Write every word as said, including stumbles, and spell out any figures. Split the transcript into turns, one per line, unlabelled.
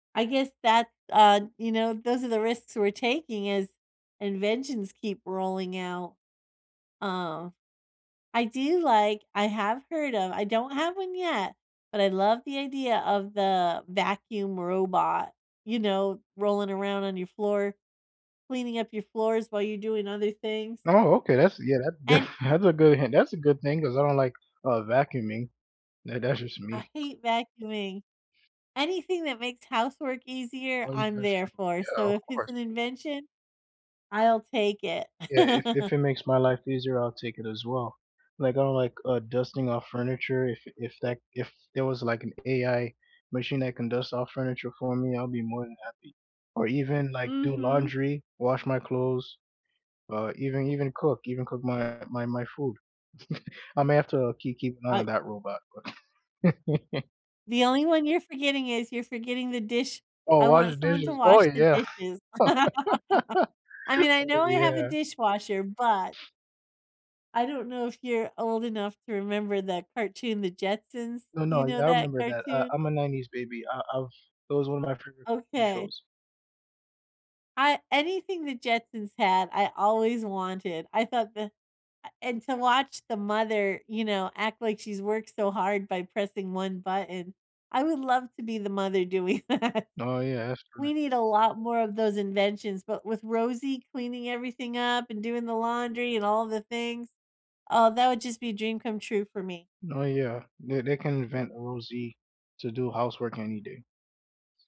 I guess that, uh, you know, those are the risks we're taking as inventions keep rolling out. Uh, I do like I have heard of I don't have one yet, but I love the idea of the vacuum robot, you know, rolling around on your floor, cleaning up your floors while you're doing other things.
Oh, okay, that's yeah, that's def
And
that's a good han that's a good thing 'cause I don't like, uh, vacuuming. Tha that's just
I
me.
hate vacuuming. Anything that makes housework easier,
Oh, yeah,
I'm
that's
there
true.
for,
Yeah,
so
of
if it's
course.
an invention, I'll take it.
Yeah, if if it makes my life easier, I'll take it as well. Like, I don't like, uh, dusting off furniture, if if that if there was, like, an AI machine that can dust off furniture for me, I'd be more than happy. Or even, like, do
Mhm.
laundry, wash my clothes, uh, even even cook even cook my my my food. I may have to kee keep an eye on
I
that robot, but
The only one you're forgetting is you're forgetting the dish
Oh,
I want
washing
someone to
dishes. Oh,
wash the
yeah.
dishes. I mean, I
Oh,
know I have a
yeah.
dishwasher, but I don't know if you're old enough to remember that cartoon, The Jetsons.
No, no.
You know
Yeah, I
that
remember that; uh,
cartoon?
I'm a nineties baby. I I've that was one of my favorite cartoon
Okay.
shows.
I anything The Jetsons had, I always wanted. I thought that a and to watch the mother, you know, act like she's worked so hard by pressing one button. I would love to be the mother doing that.
No, yeah. That's
We
correct.
need a lot more of those inventions, but with Rosey cleaning everything up and doing the laundry and all the things, oh, that would just be a dream come true for me.
No, yeah. They they can invent a Rosey to do housework any day. S